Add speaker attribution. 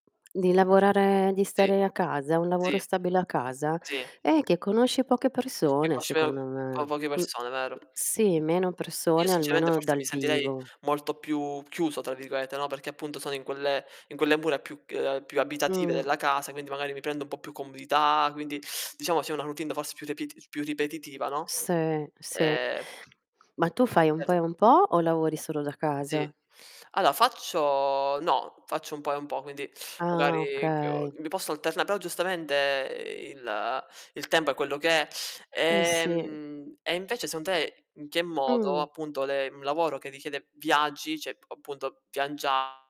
Speaker 1: Di lavorare di
Speaker 2: Sì.
Speaker 1: stare a casa? Un lavoro
Speaker 2: Sì.
Speaker 1: stabile a casa?
Speaker 2: Sì.
Speaker 1: Eh, che conosci poche
Speaker 2: Che p
Speaker 1: persone
Speaker 2: [unintelligible]
Speaker 1: secondo
Speaker 2: con
Speaker 1: me.
Speaker 2: poche
Speaker 1: Mh,
Speaker 2: persone, vero.
Speaker 1: sì, meno
Speaker 2: Io
Speaker 1: persone
Speaker 2: sinceramente,
Speaker 1: almeno
Speaker 2: forse
Speaker 1: dal
Speaker 2: mi sentirei
Speaker 1: vivo.
Speaker 2: molto più "chiuso" tra virgolette, no. Perché appunto sono in quelle in quelle mura più c uhm, più abitative
Speaker 1: Mh.
Speaker 2: della casa, quindi magari mi prendo un po' più comodità, quindi diciamo c'è una routine, forse più repit più ripetitiva, no?
Speaker 1: Sì, sì.
Speaker 2: Ehm
Speaker 1: Ma tu fai un po' e
Speaker 2: Cet
Speaker 1: un po' o lavori solo da
Speaker 2: Sì.
Speaker 1: casa?
Speaker 2: Allora faccio no, faccio un po' e un po', quindi
Speaker 1: Ah,
Speaker 2: magari ch
Speaker 1: okay.
Speaker 2: mi posso alterna però giustamente il il tempo è quello che è.
Speaker 1: Eh, sì.
Speaker 2: Ehm, e invece secondo te, in che modo
Speaker 1: Mh.
Speaker 2: appunto le un lavoro che richiede viaggi, cioè ap appunto viaggia